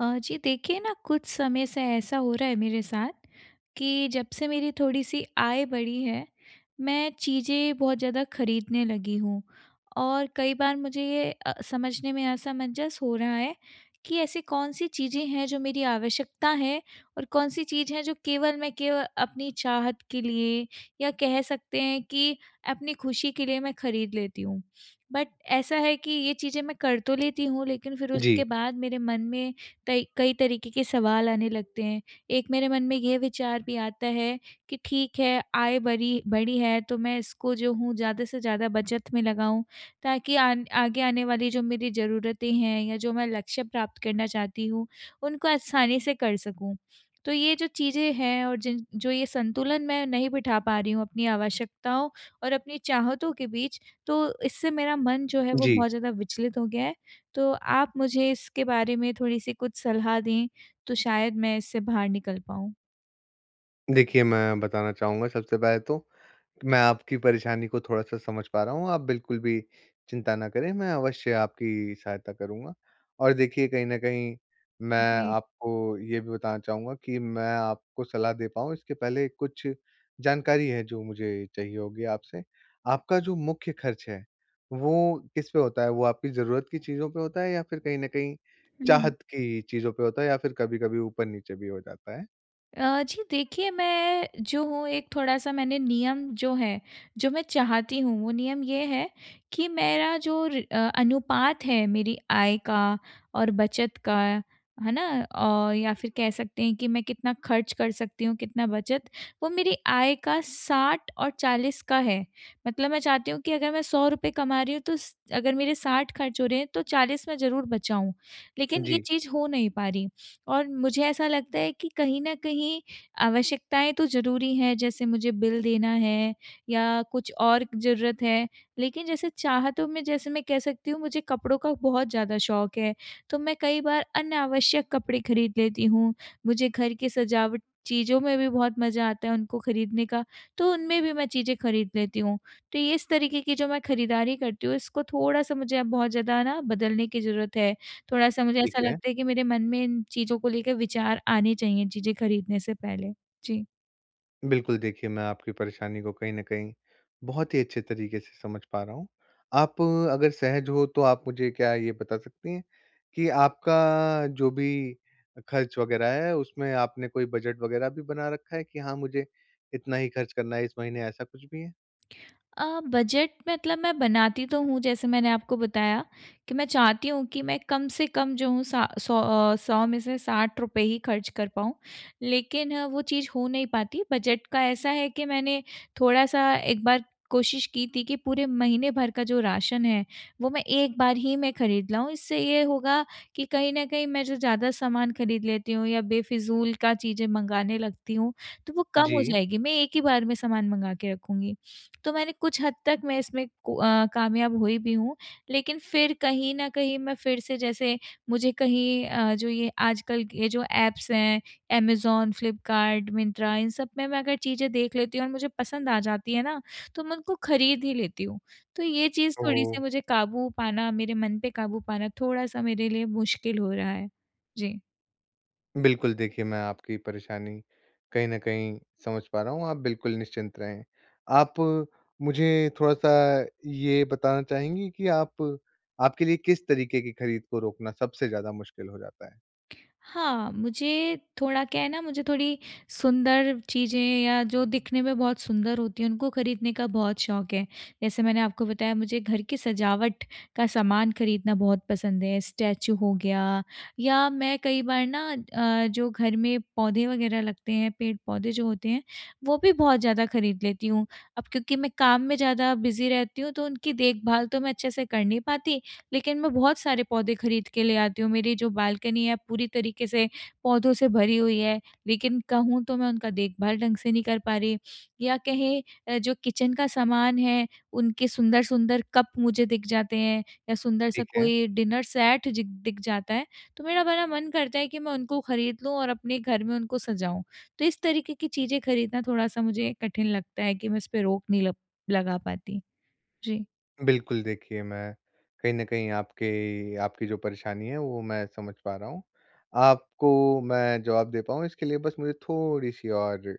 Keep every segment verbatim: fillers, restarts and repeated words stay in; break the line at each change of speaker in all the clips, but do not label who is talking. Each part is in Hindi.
अ, जी देखिए ना कुछ समय से ऐसा हो रहा है मेरे साथ, कि जब से मेरी थोड़ी-सी आय बढ़ी है, मैं चीज़ें बहुत ज़्यादा खरीदने लगी हूँ और कई बार मुझे ये अ, समझने में असमंजस हो रहा है कि ऐसी कौन-सी चीज़ें हैं जो मेरी आवश्यकता है और कौन-सी चीज़ हैं जो केवल मैं केव अपनी चाहत के लिए या कह सकते हैं कि अपनी ख़ुशी के लिए मैं खरीद लेती हूँ। बट ऐसा है कि ये चीज़ें मैं कर तो लेती हूँ, लेकिन फ़िर उसके
जी।
बाद मेरे मन में कई कई तरीके के सवाल आने लगते हैं। एक मेरे मन में ये विचार भी आता है कि ठीक है, आय बरी बढ़ी है, तो मैं इसको जो हूँ ज़्यादा से ज़्यादा बचत में लगाऊँ ताकि आन आगे आने वाली जो मेरी ज़रूरतें हैं या जो मैं लक्ष्य प्राप्त करना चाहती हूँ उनको आसानी से कर सकूँ। तो ये जो चीज़ें हैं और जिन जो ये संतुलन मैं नहीं बिठा पा रही हूँ अपनी आवश्यकताओं और अपनी चाहतों के बीच, तो इससे मेरा मन जो है वो
जी।
बहुत ज़्यादा विचलित हो गया है। तो आप मुझे इसके बारे में थोड़ी-सी कुछ सलाह दें तो शायद मैं इससे बाहर निकल पाऊँ?
देखिए, मैं बताना चाहूँगा सबसे पहले तो, कि मैं आपकी परेशानी को थोड़ा-सा समझ पा रहा हूँ, आप बिल्कुल भी चिंता ना करें, मैं अवश्य आपकी सहायता करूँगा। और देखिए कहीं न कहीं मैं
जी।
आपको ये भी बताना चाहूँगा कि, मैं आपको सलाह दे पाऊँ इसके पहले कुछ जानकारी है, जो मुझे चाहिए होगी आपसे। आपका जो मुख्य ख़र्च है वो किस पे होता है, वो आपकी ज़रूरत की चीज़ों पे होता है? या फ़िर कहीं न कहीं
हुँ।
चाहत की चीज़ों पे होता है या फ़िर कभी-कभी ऊपर-नीचे भी हो जाता है?
अ, जी देखिए मैं जो हूँ एक थोड़ा-सा मैंने नियम जो है जो मैं चाहती हूँ, वो नियम ये है कि मेरा जो र अ, अनुपात है मेरी आय का और बचत का। है ना? औ या फ़िर कह सकते हैं कि मैं कितना ख़र्च कर सकती हूँ, कितना बचत? वो मेरी आय का साठ और चालीस का है। मतलब मैं चाहती हूँ कि अगर मैं सौ रुपए कमा रही हूँ तो स अगर मेरे साठ ख़र्च हो रहे हैं तो चालीस में ज़रूर बचाऊँ, लेकिन ये
जी।
चीज़ हो नहीं पा रही। और मुझे ऐसा लगता है कि कहीं न कहीं आवश्यकताएँ तो ज़रूरी हैं, जैसे मुझे बिल देना है या कुछ और ज़रूरत है। लेकिन जैसे चाहतों में जैसे मैं कह सकती हूँ मुझे कपड़ों का बहुत ज़्यादा शौक है, तो मैं कई बार अनावश्यक कपड़े खरीद लेती हूँ। मुझे घर की सजावट चीज़ों में भी बहुत मज़ा आता है उनको खरीदने का, तो उनमें भी मैं चीज़ें खरीद लेती हूँ। तो ये इस तरीके की जो मैं खरीदारी करती हूँ इसको थोड़ा-सा मुझे अब बहुत ज़्यादा ना बदलने की ज़रूरत है। थोड़ा-सा मुझे
ठीक
ऐसा
है।
लगता है कि मेरे मन में इन चीज़ों को लेके विचार आने चाहिए, चीज़ें खरीदने से पहले। जी।
बिल्कुल, देखिए मैं आपकी परेशानी को कहीं न कहीं बहुत ही अच्छे तरीके से समझ पा रहा हूँ। आप अगर सहज हो तो आप मुझे क्या ये बता सकती हैं कि आपका जो भी अ, ख़र्च वग़ैरह है उसमें आपने कोई बजट वग़ैरह भी बना रखा है कि हाँ, मुझे इतना ही ख़र्च करना है इस महीने ऐसा कुछ भी है?
अ, बजट मतलब मैं बनाती तो हूँ जैसे मैंने आपको बताया, कि मैं चाहती हूँ कि मैं कम से कम जो हूँ सा सौ अ, सौ में से साठ रुपए ही ख़र्च कर पाऊँ। लेकिन वो चीज़ हो नहीं पाती बजट का ऐसा है कि मैंने थोड़ा-सा एक बार कोशिश की थी कि पूरे महीने भर का जो राशन है, वो मैं एक बार ही मैं ख़रीद लाऊँ, इससे ये होगा कि कहीं न कहीं मैं जो ज़्यादा सामान ख़रीद लेती हूँ या बेफिज़ूल का चीज़ें मँगाने लगती हूँ, तो वो कम हो
जी।
जाएगी मैं एक ही बार में सामान मँगा के रखूँगी। तो मैंने कुछ हद तक मैं इसमें को अ, कामयाब हुई भी हूँ लेकिन फिर कहीं न कहीं मैं फिर से जैसे मुझे कहीं अ, जो ये आजकल ये जो ऐप्स हैं ऐमज़ॉन, फ्लिपकार्ट, मिन्त्रा इन सब में मैं अगर चीज़ें देख लेती हूँ और मुझे पसंद आ जाती है ना, तो मैं उनको ख़रीद ही लेती हूँ। तो ये चीज़ थोड़ी-सी
ओह!
मुझे क़ाबू पाना मेरे मन पर क़ाबू पाना थोड़ा-सा मेरे लिए मुश्किल हो रहा है, जी।
बिल्कुल। देखिये मैं आपकी परेशानी कहीं न कहीं समझ पा रहा हूँ आप बिल्कुल निश्चिंत रहें। आप मुझे थोड़ा-सा ये बताना चाहेंगी कि आप आपके लिए किस तरीके की ख़रीद को रोकना सबसे ज़्यादा मुश्क़िल हो जाता है?
हाँ। मुझे थोड़ा क्या है ना, मुझे थोड़ी सुंदर चीज़ें या जो दिखने में बहुत सुंदर होती हैं उनको ख़रीदने का बहुत शौक है जैसे मैंने आपको बताया मुझे घर की सजावट का सामान ख़रीदना बहुत पसंद है स्टैच्यू हो गया या मैं कई बार ना अ, जो घर में पौधे वग़ैरह लगते हैं, पेड़-पौधे जो होते हैं वो भी बहुत ज़्यादा ख़रीद लेती हूँ। अब क्योंकि मैं काम में ज़्यादा बिज़ी रहती हूँ तो उनकी देखभाल तो मैं अच्छे से कर नहीं पाती, लेकिन मैं बहुत सारे पौधे ख़रीद के ले आती हूँ। मेरी जो बालकनी है पूरी तरीके से पौधों से भरी हुई है लेकिन कहूँ तो मैं उनका देख़भाल ढंग से नहीं कर पा रही या कहें, जो किचन का सामान है, उनके सुंदर-सुंदर कप मुझे दिख जाते हैं या सुंदर-सा
ठीक है।
कोई डिनर सेट जिग दिख जाता है। तो मेरा बड़ा मन करता है कि मैं उनको ख़रीद लूँ और अपने घर में उनको सजाऊँ। तो इस तरीके की चीज़ें खऱीदना थोड़ा-सा मुझे कठिन लगता है कि मैं इस पे रोक नहीं लप लगा पाती। जी।
बिल्कुल, देखिए मैं कहीं न कहीं आपके आपकी जो परेशानी है वो मैं समझ पा रहा हूँ। आपको मैं जवाब दे पाऊँ इसके लिए बस मुझे थोड़ी-सी और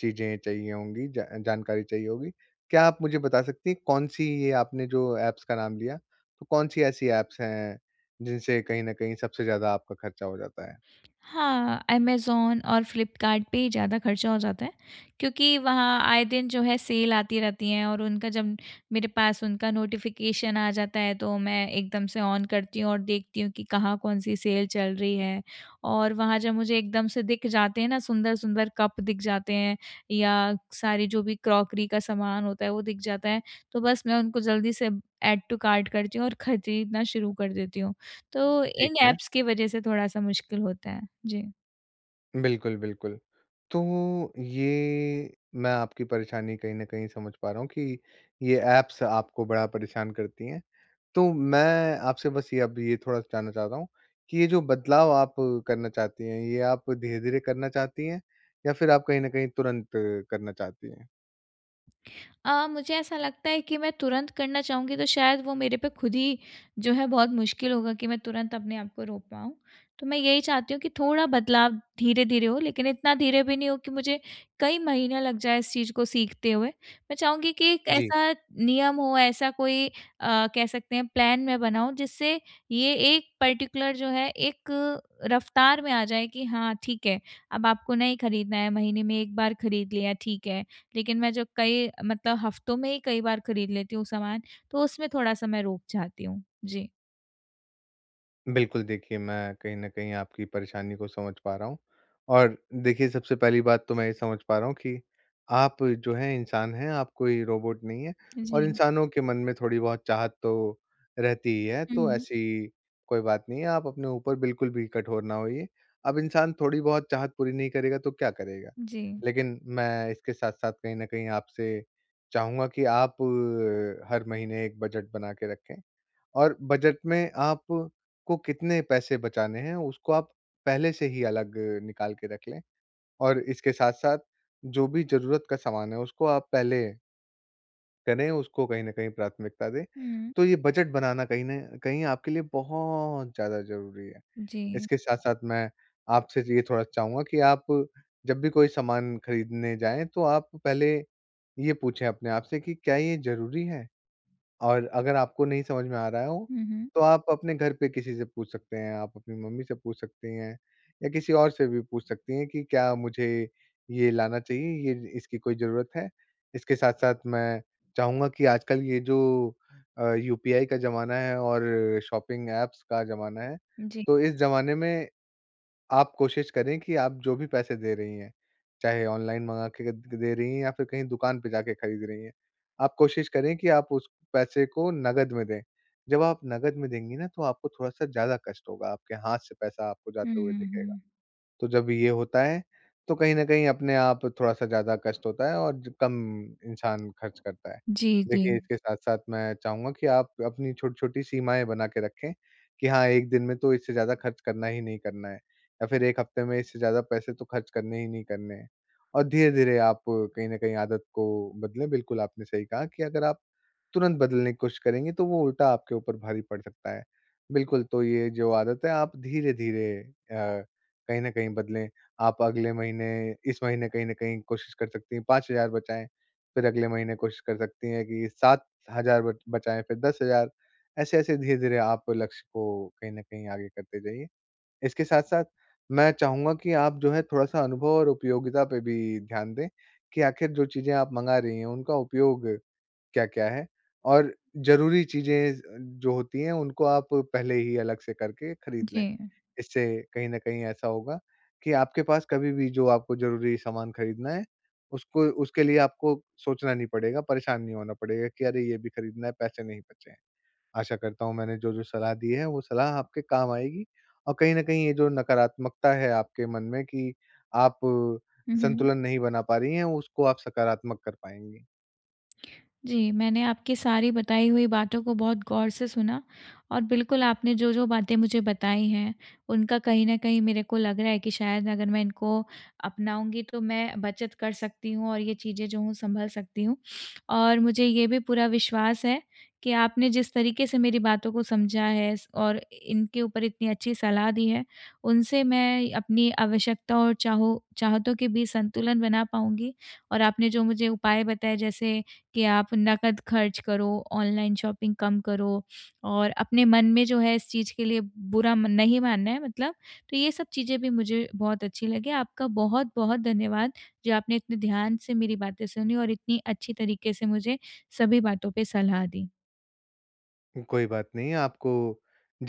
चीज़ें चाहिए होंगी, ज जानकारी चाहिए होगी। क्या आप मुझे बता सकती हैं कौन-सी ये आपने जो ऐप्स का नाम लिया। तो कौन-सी ऐसी ऐप्स हैं जिनसे कहीं न कहीं सबसे ज़्यादा आपका ख़र्चा हो जाता है?
हाँ, ऐमज़ॉन और फ्लिपकार्ट पे ही ज़्यादा ख़र्चा हो जाता है। क्योंकि वहाँ आए दिन जो है सेल आती रहती है और उनका जब मेरे पास उनका नोटिफिकेशन आ जाता है। तो मैं एकदम से ऑन करती हूँ और देखती हूँ कि कहाँ कौन-सी सेल चल रही है। और वहाँ जब मुझे एकदम से दिख जाते हैं ना सुंदर-सुंदर कप दिख जाते हैं या सारी जो भी क्रॉकरी का सामान होता है वो दिख जाता है, तो बस मैं उनको जल्दी से ऐड टू कार्ट करती हूँ और खरीदना शुरू कर देती हूँ। तो
ठीक
इन
है।
ऐप्स की वज़ह से थोड़ा-सा मुश्किल होता है। जी।
बिल्कुल, बिल्कुल। तो ये मैं आपकी परेशानी कहीं न कहीं समझ पा रहा हूँ कि ये ऐप्स आपको बड़ा परेशान करती हैं। तो मैं आपसे बस ये अब ये थोड़ा-सा जानना चाहता हूँ कि ये जो बदलाव आप करना चाहती हैं, ये आप धीरे-धीरे करना चाहती हैं? या फ़िर आप कहीं न कहीं तुरंत करना चाहती हैं?
अ, मुझे ऐसा लगता है कि मैं तुरंत करना चाहूँगी तो शायद वो मेरे पे खुद ही जो है बहुत मुश्किल होगा, कि मैं तुरंत अपने आप को रोक पाऊँ। तो मैं यही चाहती हूँ कि थोड़ा बदलाव धीरे-धीरे हो, लेकिन इतना धीरे भी नहीं हो कि मुझे कई महीने लग जाएँ इस चीज़ को सीखते हुए। मैं चाहूँगी कि एक
जी।
ऐसा नियम हो, ऐसा कोई अ, कह सकते हैं प्लान मैं बनाऊँ, जिससे ये एक पर्टिकुलर जो है एक अ, रफ़्तार में आ जाए कि हाँ ठीक है अब आपको नहीं खरीदना है, महीने में एक बार खरीद लिया ठीक है। लेकिन मैं जो कई मतलब हफ़्तों में ही कई बार खरीद लेती हूँ सामान, तो उसमें थोड़ा-सा मैं रोक चाहती हूँ। जी।
बिल्कुल, देखिए मैं कहीं न कहीं आपकी परेशानी को समझ पा रहा हूँ और देखिए सबसे पहली बात तो मैं ये समझ पा रहा हूँ कि, आप जो हैं इंसान हैं, आप कोई रोबोट नहीं हैं और
जी।
इंसानों के मन में थोड़ी बहुत चाहत तो रहती ही है,
हुँ,
तो
हुँ।
ऐसी कोई बात नहीं है, आप अपने ऊपर बिल्कुल भी कठोर ना होइए। अब इंसान थोड़ी बहुत चाहत पूरी नहीं करेगा तो क्या करेगा?
जी।
लेकिन मैं इसके साथ-साथ कहीं न कहीं आपसे चाहूँगा कि आप अ, हर महीने एक बजट बना के रखें और बजट में आप को कितने पैसे बचाने हैं, उसको आप पहले से ही अलग निकाल के रख लें और इसके साथ-साथ जो भी ज़रूरत का सामान है, उसको आप पहले करें, उसको कहीं न कहीं प्राथमिकता दें।
हुँ।
तो ये बजट बनाना, कहीं न कहीं, आपके लिए बहुत ज़्यादा ज़रूरी है।
जी।
इसके साथ-साथ मैं आपसे ज ये थोड़ा चाहूँगा कि आप जब भी कोई सामान खरीदने जाएँ, तो आप पहले ये पूछें अपने आप से कि, "क्या ये ज़रूरी है?" और अगर आपको नहीं समझ में आ रहा हो,
हुँ, हुँ।
तो आप अपने घर पे किसी से पूछ सकते हैं। आप अपनी मम्मी से पूछ सकती हैं, या किसी और से भी पूछ सकती हैं कि, "क्या मुझे ये लाना चाहिए? ये इसकी कोई ज़रूरत है?" इसके साथ-साथ मैं चाहूँगा कि आजकल ये जो अ, यूपीआई का ज़माना है और शॉपिंग एप्स का ज़माना है,
जी।
तो इस ज़माने में आप कोशिश करें कि आप जो भी पैसे दे रहीं हैं, चाहे ऑनलाइन मँगा के क द दे रहीं हैं, या फिर कहीं दुकान पे जाके खरीद रहीं हैं, आप कोशिश करें कि आप उस पैसे को नकद में दें। जब आप नकद में देंगी ना, तो आपको थोड़ा-सा ज़्यादा कष्ट होगा, आपके हाथ से पैसा आपको
हुँ,
जाते हुए
हुँ,
दिखेगा।
हुँ।
तो जब ये होता है, तो कहीं न कहीं अपने आप थोड़ा-सा ज़्यादा कष्ट होता है और ज कम इंसान खर्च करता है।
जी,
देखिए,
जी।
इसके साथ-साथ मैं चाहूँगा कि आप अपनी छोटी-छोटी सीमाएँ बना के रखें, कि, हाँ, एक दिन में तो इससे ज़्यादा खर्च करना ही नहीं करना है। या फिर, एक हफ़्ते में इससे ज़्यादा पैसे तो खर्च करने ही नहीं करने हैं। और धीरे-धीरे, आप कहीं न कहीं आदत को बदलें। बिल्कुल, आपने सही कहा कि अगर आप तुरंत बदलने की कोशिश करेंगी, तो वो उल्टा आपके ऊपर भारी पड़ सकता है। बिल्कुल, तो ये जो आदत है, आप धीरे-धीरे अ, कहीं न कहीं बदलें। आप अगले महीने इस महीने कहीं न कहीं कोशिश कर सकती हैं, पाँच हज़ार बचाएँ। फिर अगले महीने कोशिश कर सकती हैं कि सात हज़ार बच बचाएँ, फिर दस हज़ार ऐसे-ऐसे, धीरे-धीरे, आप लक्ष्य को कहीं न कहीं आगे करते जाइए। इसके साथ-साथ मैं चाहूँगा कि आप जो है, थोड़ा-सा अनुभव और उपयोगिता पे भी ध्यान दें कि आख़िर जो चीज़ें आप मँगा रहीं हैं, उनका उपयोग क्या-क्या है? और ज़रूरी चीज़ें ज़ अ, जो होती हैं, उनको आप पहले ही अलग से करके खरीद लें।
जी।
इससे कहीं न कहीं ऐसा होगा कि आपके पास कभी भी जो आपको ज़रूरी सामान खरीदना है, उसको उसके लिए आपको सोचना नहीं पड़ेगा, परेशान नहीं होना पड़ेगा कि, "अरे! ये भी खरीदना है, पैसे नहीं बचे हैं।" आशा करता हूँ, मैंने जो-जो सलाह दी है, वो सलाह आपके काम आएगी और कहीं न कहीं, ये जो नकारात्मकता है आपके मन में कि, आप
हुँ, हुँ।
संतुलन नहीं बना पा रहीं हैं, उसको आप सकारात्मक कर पाएँगी।
जी, मैंने आपकी सारी बताई हुई बातों को बहुत गौर से सुना, और बिल्कुल, आपने जो-जो बातें मुझे बताई हैं, उनका कहीं न कहीं, मेरे को लग रहा है कि शायद अगर मैं इनको अपनाऊँगी, तो मैं बचत कर सकती हूँ और ये चीज़ें, जो हों, संभल सकती हूँ। और मुझे ये भी पूरा विश्वास है कि आपने जिस तरीके से मेरी बातों को समझा है, स और इनके ऊपर इतनी अच्छी सलाह दी है, उनसे मैं अपनी आवश्यकता और चाहो चाहतों के बीच संतुलन बना पाऊँगी और आपने जो मुझे उपाय बताए, जैसे कि, "आप नकद खर्च करो, ऑनलाइन शॉपिंग कम करो और अपने मन में जो है, इस चीज़ के लिए बुरा म नहीं मानना है, मतलब।" तो ये सब चीज़ें भी मुझे बहुत अच्छी लगीं। आपका बहुत-बहुत धन्यवाद, जो आपने इतने ध्यान से मेरी बातें सुनी और इतनी अच्छी तरीके से मुझे सभी बातों पे सलाह दी।
कोई बात नहीं, आपको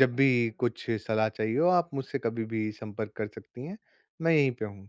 जब भी कुछ सलाह चाहिए हो, आप मुझसे कभी भी संपर्क कर सकती हैं। मैं यहीं पे हूँ।